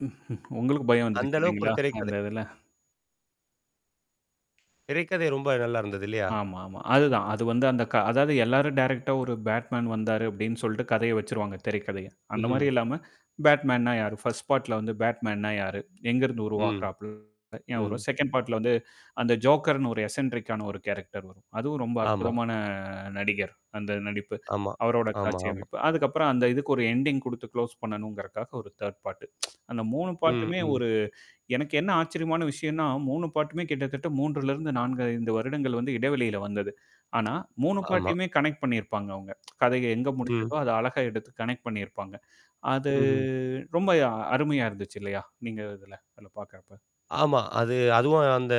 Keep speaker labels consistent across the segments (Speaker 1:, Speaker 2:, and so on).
Speaker 1: உங்களுக்கு பயம்
Speaker 2: அந்த
Speaker 1: வந்துருச்சு
Speaker 2: அளவுக்கு ஒரு
Speaker 1: இல்லைங்களா?
Speaker 2: திரைக்கதை.
Speaker 1: அந்த இதுல?
Speaker 2: திரைக்கதை ரொம்ப நல்லா இருந்தது இல்லையா?
Speaker 1: ஆமாமா, அதுதான் அது வந்து அந்த க அதாவது எல்லாரும் டைரக்ட்டா ஒரு பேட்மேன் வந்தாரு அப்படின்னு சொல்லட்டு கதைய வச்சுருவாங்க திரைக்கதைய. அந்த
Speaker 2: ம்ஹ்ம்.
Speaker 1: மாரி இல்லாம பேட்மேன்னா யாரு? பர்ஸ்ட் பார்ட்ல வந்து பேட்மேன்னா யாரு? எங்கருந்து
Speaker 2: ம்.
Speaker 1: உருவாகறாப் [unintelligible]
Speaker 2: ம்.
Speaker 1: செகண்ட் பார்ட் ல வந்து அந்த ஜோக்கர் னு ஒரு எஸ்என்ட்ரிக் ஆன ஒரு கேரக்டர் வரும். அதுவும் ரொம்ப
Speaker 2: ஆமா.
Speaker 1: அற்புதமான நடிகர். அந்த நடிப்பு,
Speaker 2: ஆமா.
Speaker 1: அவரோட
Speaker 2: ஆமா,
Speaker 1: காட்சி
Speaker 2: ஆமா.
Speaker 1: அமைப்பு, அதுக்கப்புறம் அந்த இதுக்கு ஒரு எண்டிங் குடுத்து குளோஸ் பண்ணணுங்கறக்காக ஒரு தேர்ட் பார்ட். அந்த மூணு பார்ட்டு
Speaker 2: ம்,
Speaker 1: மே
Speaker 2: ம்.
Speaker 1: ஒரு எனக்கு என்ன ஆச்சரியமான விஷயம்ன்னா மூணு பார்ட்டு மே கிட்டத்தட்ட 3 4, 5 வருடங்கள் வந்து இடைவெளியில வந்தது. ஆனா 3 பார்ட்
Speaker 2: ஆமா.
Speaker 1: டயுமே கனெக்ட் பண்ணியிருப்பாங்க அவங்க. கதைய எங்க
Speaker 2: ம்.
Speaker 1: முடிஞ்சதோ அத அழகா எடுத்து கனெக்ட் பண்ணியிருப்பாங்க. அது
Speaker 2: ம்ஹ்ம்.
Speaker 1: ரொம்ப அருமையா இருந்துச்சு இல்லையா? நீங்க இதுல அதுல பார்கறப்ப.
Speaker 2: ஆமா, அது அதுவும் அந்த,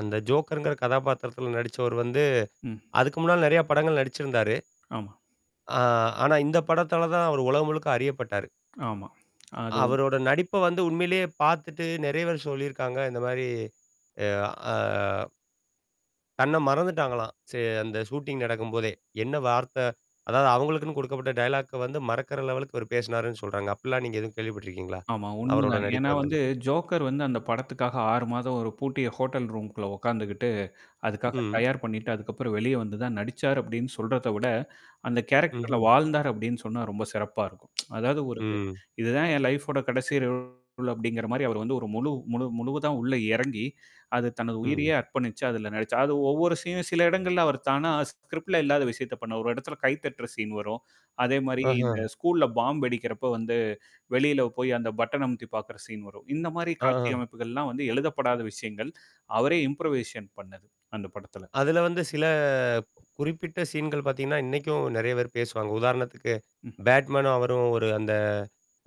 Speaker 2: அந்த ஜோக்கர் ங்கிற கதாபாத்திரத்தில நடிச்சவர் வந்து,
Speaker 1: ம்.
Speaker 2: அதுக்கு முன்னால நெறைய படங்கள் நடிச்சிருந்தாரு.
Speaker 1: ஆமா.
Speaker 2: ஆ ஆனா இந்த படத்தால தான் அவரு உலகம் முழுக்க அறியப்பட்டாரு.
Speaker 1: ஆமா. அது வந்
Speaker 2: அவரோட நடிப்ப வந்து உண்மையிலேயே பார்த்துட்டு நெறையபேர் சொல்லியிருக்காங்க, இந்த மாரி அ, அ. தன்ன மறந்துட்டாங்களாம். சே அந்த ஷூட்டிங் நடக்கும்போதே. என்ன வார்த்த, அதாவது அவங்களுக்குன்னு குடுக்கப்பட்ட டயலாக்க வந்து மறக்குற லெவலு க்கு அவரு பேசுனாருன்னு சொல்றாங்க. அப்படிலாம் நீங்க எதுவும் கேள்விப்பட்டுருக்கீங்களா?
Speaker 1: ஆமா,
Speaker 2: அவரோட
Speaker 1: உண்மைதான். ஏன்னா,
Speaker 2: நடிப்பு அந்தது.
Speaker 1: வந்து ஜோக்கர் வந்து அந்த படத்துக்காக 6 மாதம் ஒரு பூட்டிய ஹோட்டல் ரூம் க்குள்ள உட்கார்ந்துக்கிட்டு, அதுக்காக
Speaker 2: ம்.
Speaker 1: தயார் பண்ணிட்டு அதுக்கப்புறம் வெளிய வந்து தான் நடிச்சாரு அப்படின்னு சொல்றத விட, அந்த கேரக்டர் ல
Speaker 2: ம்ஹ்ம்.
Speaker 1: வாழ்ந்தார் அப்படின்னு சொன்னா ரொம்ப சிறப்பா இருக்கும். அதாவது ஒரு இது,
Speaker 2: ம்.
Speaker 1: இதுதான் என் லைஃப்வோட கடைசி ரோல் அப்படிங்கிற மாரி அவர் வந்து ஒரு முழு முழு, முழுவதா உள்ள இறங்கி, அது தனது உயிரையே
Speaker 2: ம்.
Speaker 1: அர்ப்பணிச்சு அதுல நடிச்சார். அது ஒவ்வொரு சீனும் சில இடங்கள்ல அவர் தானா ஸ்க்ரிப்டு ல இல்லாத விஷயத்த பண்ணுவாரு. ஒரு இடத்துல கை தட்டுற சீன் வரும். அதே மாரி இந்த
Speaker 2: ஆஹ.
Speaker 1: ஸ்கூல்ல பாம் வெடிக்கிறப்ப வந்து வெளியில போய் அந்த பட்டன பட்டன் அமுத்தி பார்க்கற சீன் வரும். இந்த மாரி காட்சி
Speaker 2: ஆ.
Speaker 1: அமைப்புகள்லாம் வந்து எழுதப்படாத விஷயங்கள், அவரே இம்ப்ரூவேஷன் பண்ணது அந்த படத்துல.
Speaker 2: அதுல வந்து சில குறிப்பிட்ட சீன் கள் பார்த்தீங்கன்னா, இன்னைக்கும் நெறைய பேர் பேசுவாங்க. உதாரணத்துக்கு,
Speaker 1: ம்.
Speaker 2: பேட்மேனும் அவரும் ஒரு அந்த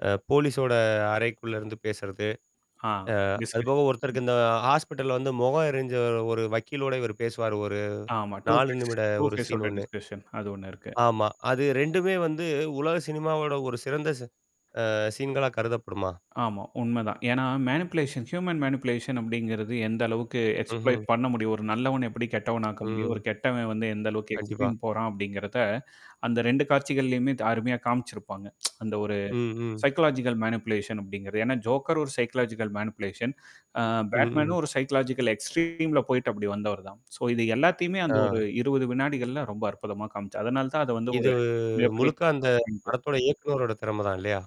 Speaker 2: அ போலீஸோட அறைக்குள்ள இருந்து பேசுறது.
Speaker 1: ஆ.
Speaker 2: அ
Speaker 1: டிஸ்கஷன்.
Speaker 2: அதுபோக ஒருத்தருக்கு இந்த ஹாஸ்பிட்டல வந்து முகம் எரிஞ்ச ஒரு வக்கீலோட இவர் பேசுவாரு ஒரு
Speaker 1: ஆமா, டூ
Speaker 2: 4
Speaker 1: ஃபேஸ்,
Speaker 2: நிமிட
Speaker 1: டூ
Speaker 2: ஒரு
Speaker 1: ஃபேஸ்
Speaker 2: சீன்
Speaker 1: ஓட
Speaker 2: ஒண்ணு.
Speaker 1: டிஸ்கஷன் அது ஒண்ணு இருக்கு.
Speaker 2: ஆமா, அது 2 வந்து உலக சினிமாவோட ஒரு சிறந்த ச அ சீன்களா கருதப்படுமா?
Speaker 1: ஆமா, உண்மைதான். ஏன்னா, மேனிப்லேஷன், ஹியூமன் மேனிபுலேஷன் அப்படிங்கிறது எந்த அளவுக்கு எக்ஸ்ப்ளை
Speaker 2: ம்ஹ்ம்.
Speaker 1: பண்ண முடியும். ஒரு நல்லவன் எப்படி கெட்டவனாக்க முடியும். ஒரு
Speaker 2: ம்.
Speaker 1: கெட்டவன் வந்து எந்த அளவுக்கு
Speaker 2: கண்டிப்பா.
Speaker 1: எக்ஸ்ப்ளைன் போறான் அப்படிங்கிறத அந்த 2 காட்சிகள்லயுமே த அருமையா காமிச்சிருப்பாங்க. அந்த ஒரு
Speaker 2: ம், ம்.
Speaker 1: சைக்காலாஜிகல் மேனிப்லேஷன் அப்படிங்கிறது. ஏன்னா, ஜோக்கர் ஒரு சைக்காலஜிகல் மேனிபுலேஷன். அ
Speaker 2: ஹ்ம்.
Speaker 1: பேட்மேனும் ஒரு சைக்காலாஜிகல் எக்ஸ்ட்ரீம்ல போயிட்டு அப்டி வந்தவர் தான். ஸோ இது எல்லாத்தையுமே அந்த ஒரு
Speaker 2: ஆ.
Speaker 1: 20 வினாடிகள்ல ரொம்ப அற்புதமா காமிச்சார். அதனால தான் அத வந்து
Speaker 2: இது
Speaker 1: ஒரு மிகப்பெரிய
Speaker 2: முழுக்க அந்த
Speaker 1: [unintelligible]
Speaker 2: படத்தோட இயக்குனரோட திறமை தான் இல்லையா?